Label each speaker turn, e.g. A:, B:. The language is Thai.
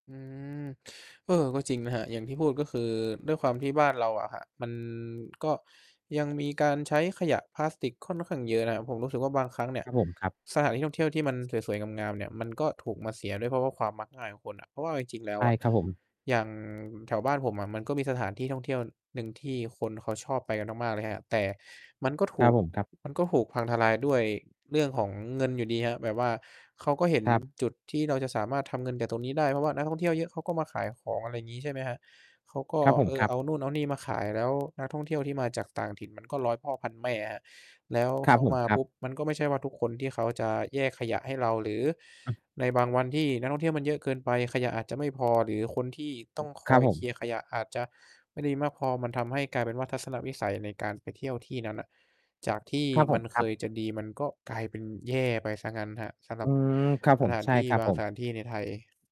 A: อืม เออ ก็จริงนะครับ อย่างที่พูดก็คือด้วยความที่บ้านเราอะครับ มันก็ยังมีการใช้ขยะพลาสติกค่อนข้างเยอะนะครับ ผมรู้สึกว่าบางครั้งเนี่
B: ค
A: ย
B: รับผมครับ
A: สถานที่ท่องเที่ยวที่มันสวย ๆ งาม ๆ เนี่ย มันก็ถูก มาเสียด้วย เพราะว่าความมักง่ายของคนอะ เพราะว่าเอาจริง ๆ แล้
B: ใ
A: ว
B: ช่
A: อะ
B: ครับผม
A: อย่างแถวบ้านผมอะมันก็มีสถานที่ท่องเที่ยวหนึ่งที่คนเขาชอบไปกันมาก ๆ เลยครับ แต่มันก็ถ
B: คร
A: ู
B: ับ
A: ก
B: ผมครับ
A: มันก็ถูกพังทลายด้วยเรื่องของเงินอยู่ดีครับ แบบว่าเขาก็เห็น
B: ครับ
A: จุดที่เราจะสามารถทำเงินจากตรงนี้ได้ เพราะว่านักท่องเที่ยวเยอะเขาก็มาขายของ อะไรอย่างงี้ ใช่ไหมครับ เขาก็
B: ครับผ
A: เ
B: ม
A: อ
B: ค
A: อ
B: รับ
A: เอานู่นเอานี่มาขาย แล้วนักท่องเที่ยวที่มาจากต่างถิ่นมันก็ร้อยพ่อพันแม่อะครับ แล้ว
B: คร
A: เข
B: ับ
A: า
B: ผ
A: ม
B: ม
A: า
B: ครั
A: ป
B: บ
A: ุ๊บ มันก็ไม่ใช่ว่าทุกคนที่เขาจะแยกขยะให้เรา หรือในบางวันที่นักท่องเที่ยวมันเยอะเกินไป ขยะอาจจะไม่พอ หรือคนที่ต้องค
B: ครั
A: อ
B: บ
A: ย
B: ผ
A: เค
B: ม
A: ลียร์ขยะอาจจะไม่ได้มากพอ มันทำให้กลายเป็นว่าทัศนวิสัยในการไปเที่ยวที่นั้นอะ จากที่
B: ครับผ
A: มั
B: ม
A: น
B: ค
A: เค
B: รับ
A: ยจะดีมันก็กลายเป็นแย่ไปเสียงั้นครับ สำหร
B: อ
A: ั
B: ื
A: บ
B: ม ครับ
A: ส
B: ผม
A: ถาน
B: ใช่
A: ที่
B: ครับ
A: บาง
B: ผ
A: ส
B: ม
A: ถานที่ในไทย